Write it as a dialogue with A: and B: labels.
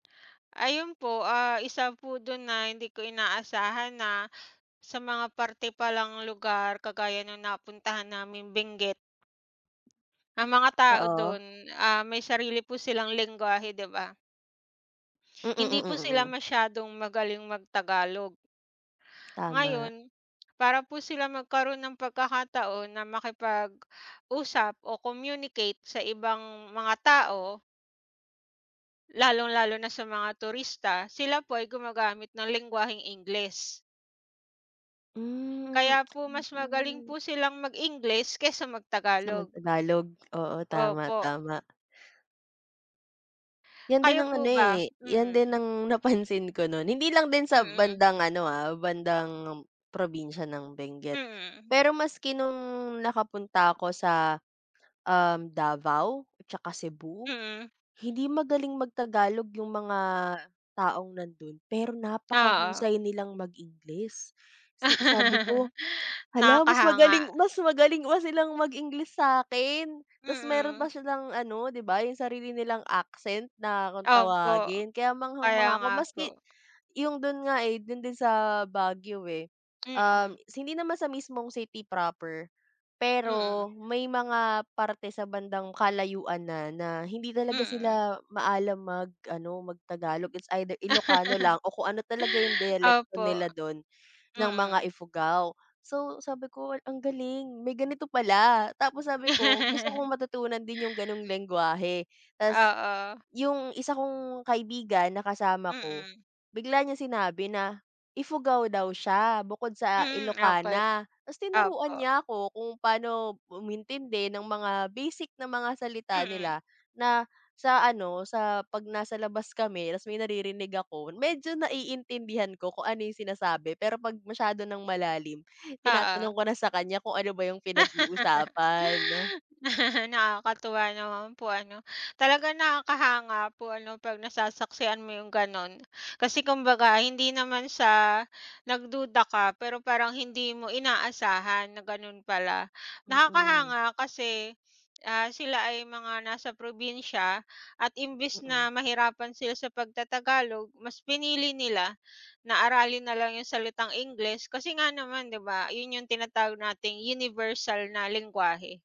A: Ayun po ah, isa po dun na hindi ko inaasahan na sa mga parte palang lugar kagaya nung napuntahan namin Benguet. Ang mga tao
B: Oo.
A: dun ah may sarili po silang lengwahe, di ba?
B: Mm
A: Hindi
B: mm
A: po sila
B: mm.
A: masyadong magaling mag tagalog.
B: Tama.
A: Ngayon, para po sila magkaroon ng pagkakataon na makipag-usap o communicate sa ibang mga tao lalong-lalo na sa mga turista sila po ay gumagamit ng lengwaheng Ingles.
B: Hmm
A: Kaya po mas magaling
B: oo.
A: po silang mag Ingles kesa mag
B: Kesa mag
A: Tagalog.
B: tagalog? Oo tama
A: Opo.
B: tama. Yan din
A: Kayo
B: ang ano
A: po ba?
B: eh, yan din
A: Mm.
B: ang napansin ko nun. Hindi lang din sa
A: Mm.
B: bandang ano ah, bandang probinsya ng Benguet.
A: Mhm.
B: Pero maski nung nakapunta ako sa, um, Davao at tsaka Cebu.
A: Mhm.
B: Hindi magaling mag tagalog yung mga taong nandun pero
A: Oo.
B: napakahusay nilang mag Ingles. Si Sabi ko "Hala mas
A: Nakakahanga.
B: magaling mas magaling pa silang mag Ingles sakin" Tas meron pa
A: Mm.
B: silang ano di ba yung sarili nilang accent na kung
A: Opo.
B: tawagin kaya
A: Kaya
B: manghang-mangha ako
A: nga
B: maski
A: po.
B: yung dun nga eh dun din sa Baguio eh. Um,
A: Mm.
B: hindi naman sa mismong city proper. Pero
A: Mm.
B: may mga parte sa bandang kalayuan na na hindi talaga
A: Mm.
B: sila maalam mag-ano mag Tagalog. It's either ilocano lang o kung ano talaga yung diyalekto
A: Opo,
B: nila dun, ng mga
A: mm.
B: Ifugao. So sabi ko wal ang galing may ganito pala. Tapos sabi ko gusto kong matutunan din yung ganong lengwahe tas.
A: Oo.
B: Yung isa kong kaibigan na kasama ko
A: Mm.
B: bigla niya sinabi na ifugao daw siya. Bukod sa
A: Hmm okey
B: ilokana tas tinuruan
A: opo.
B: niya ako kung pano umintindi ng mga basic na mga salita
A: Mm.
B: nila. Na sa ano sa pag nasa labas kami tas may naririnig ako medyo naiintindihan ko kung ano yung sinasabi. Pero pag masyado ng malalim
A: Oo.
B: tinatanong ko na sa kanya kung ano ba yung pinag-uusapan.
A: Nakakatuwa naman po ano? Talaga nakakahanga po ano pag nasasaksihan mo yung ganun. Kasi kumbaga hindi naman siya nagduda ka. Pero parang hindi mo inaasahan na ganun pala.
B: Mm.
A: Nakakahanga kasi ah, sila ay mga nasa probinsya. At imbes
B: Mm.
A: na mahirapan sila sa pagta-tagalog mas pinili nila na aralin nalang yung salitang Ingles kasi nga naman di ba yun yung tinatawag nating universal na lengwahe.